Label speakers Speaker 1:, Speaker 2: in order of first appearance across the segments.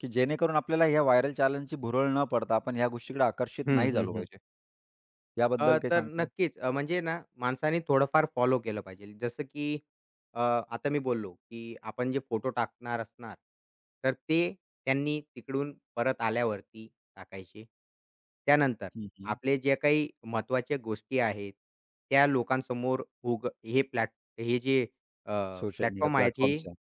Speaker 1: की जेणेकरून आपल्याला ह्या व्हायरल चॅलेंजची भुरळ न पडता आपण ह्या गोष्टीकडे आकर्षित
Speaker 2: हं,
Speaker 1: नाही
Speaker 2: हं,
Speaker 1: झालो
Speaker 2: हं.
Speaker 1: पाहिजे. याबद्दल
Speaker 2: अ,
Speaker 1: काही
Speaker 2: तर
Speaker 1: सांगतील?
Speaker 2: नक्कीच, अ, म्हणजे ना, माणसांनी थोडंफार फॉलो केलं पाहिजे. जसं की अ, आता मी बोललो, की आपण जे फोटो टाकणार असणार, तर ते त्यांनी तिकडून परत आल्यावरती टाकायचे. त्यानंतर
Speaker 1: हं, हं.
Speaker 2: आपले जे काही महत्वाच्या गोष्टी आहेत त्या लोकांसमोर उग हे प्लॅट हे जे अ,
Speaker 1: सोशल मीडिया
Speaker 2: प्लॅटफॉर्म आहेत, हे
Speaker 1: प्लॅटफॉर्म्स आहेत,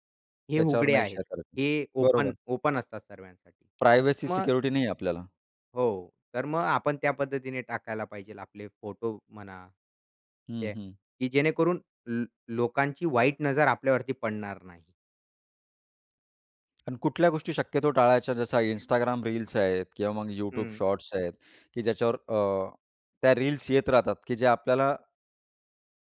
Speaker 2: हे
Speaker 1: त्याच्यावर
Speaker 2: उघडे
Speaker 1: नाही
Speaker 2: आहेत.
Speaker 1: शेअर करत.
Speaker 2: हे ओपन
Speaker 1: बरोबर.
Speaker 2: ओपन असतात सर्वांसाठी.
Speaker 1: प्रायव्हेसी
Speaker 2: मग
Speaker 1: सिक्युरिटी नाहीये आपल्याला.
Speaker 2: हो, तर मग आपण त्या पद्धतीने टाकायला पाहिजे आपले फोटो म्हणा. ठीक
Speaker 1: हं,
Speaker 2: आहे,
Speaker 1: हं.
Speaker 2: की जेणेकरून ल लोकांची वाईट नजर आपल्यावरती पडणार नाही.
Speaker 1: अन् कुठल्या गोष्टी शक्यतो टाळायच्या जसं Instagram रील्स आहेत किंवा मग YouTube
Speaker 2: हं.
Speaker 1: शॉर्ट्स आहेत, की ज्याच्यावर अ, त्या रील्स येत राहतात की जे आपल्याला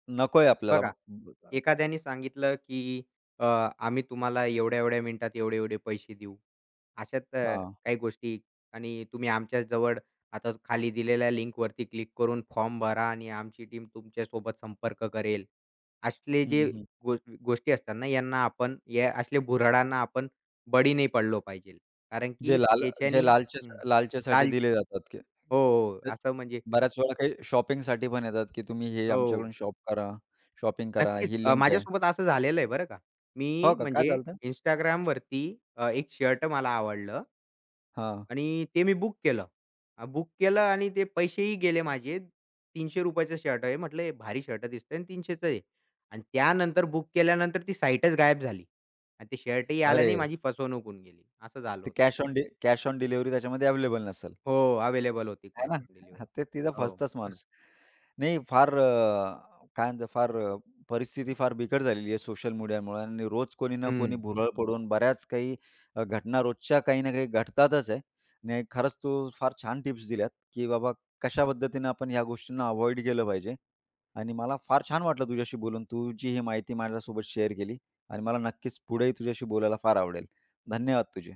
Speaker 1: नकोय आपल्याला.
Speaker 2: बघा,
Speaker 1: [unintelligible]
Speaker 2: एखाद्याने सांगितलं, की अ, "आम्ही तुम्हाला एवढ्या-एवढ्या मिनिटात एवढे-एवढे पैसे देऊ. अशाच अ,
Speaker 1: हां.
Speaker 2: काही गोष्टी आणि तुम्ही आमच्या जवळ आता खाली दिलेल्या लिंकवरती क्लिक करून फॉर्म भरा आणि आमची टीम तुमच्यासोबत संपर्क करेल." असले
Speaker 1: हं,
Speaker 2: जे
Speaker 1: हं.
Speaker 2: गो गोष्टी असतात ना, यांना आपण या असले भुर्हाडांना आपण बळी नाही पडलो पाहिजे कारण
Speaker 1: जे
Speaker 2: की
Speaker 1: लाल जे
Speaker 2: त्याच्यानी
Speaker 1: लालचे
Speaker 2: हं,
Speaker 1: लालचेसाठी
Speaker 2: काल
Speaker 1: दिले जातात ते.
Speaker 2: हो, हो,
Speaker 1: [unintelligible]
Speaker 2: असं म्हणजे
Speaker 1: बऱ्याच वेळा काही शॉपिंगसाठी पण येतात, की तुम्ही हे
Speaker 2: हो.
Speaker 1: आमच्याकडून शॉप करा, शॉपिंग करा
Speaker 2: नक्कीच,
Speaker 1: ही
Speaker 2: अ,
Speaker 1: लिंक आहे.
Speaker 2: माझ्यासोबत असं झालेलं आहे बरं का.
Speaker 1: हो
Speaker 2: मी
Speaker 1: का, काय
Speaker 2: म्हणजे
Speaker 1: झालं होतं?
Speaker 2: Instagramवरती अ, एक शर्ट मला आवडलं
Speaker 1: हां.
Speaker 2: आणि ते मी बुक केलं. अ, बुक केलं आणि ते पैसेही गेले माझे. ₹300 शर्ट आहे म्हंटल हे भारी शर्ट दिसतंय अन् 300 आहे अन् त्यानंतर बुक केल्यानंतर ती साइटच गायब झाली आणि ते शर्ट ही आलं
Speaker 1: अरे
Speaker 2: नाही. माझी फसवणूक होऊन गेली, असं झालं
Speaker 1: ते
Speaker 2: होतं.
Speaker 1: कॅश ऑन डे कॅश ऑन डिलिव्हरी त्याच्यामध्ये अवेलेबल नसेल.
Speaker 2: हो, अवेलेबल होती
Speaker 1: आहे
Speaker 2: कॅश
Speaker 1: ना,
Speaker 2: ऑन
Speaker 1: हां,
Speaker 2: डिलिव्हरी,
Speaker 1: ते तिथं फसतच
Speaker 2: हो.
Speaker 1: माणूस. नाही फार अ, काय म्हणतात फार अ, परिस्थिती फार बिकट झालेली आहे सोशल मीडियामुळं आणि रोज कोणी ना कोणी
Speaker 2: हं.
Speaker 1: भुरळ पडून बऱ्याच काही अ, घटना रोजच्या काही ना काही घडतातच आहे. नाही खरंच, तू फार छान टिप्स दिल्यात, की बाबा कशा पद्धतीनं आपण ह्या गोष्टींना अव्हॉइड केलं पाहिजे आणि मला फार छान वाटलं तुझ्याशी बोलून तु जी ही माहिती माझ्यासोबत शेअर केली आणि मला नक्कीच पुढेही तुझ्याशी बोलायला फार आवडेल. धन्यवाद तुझे.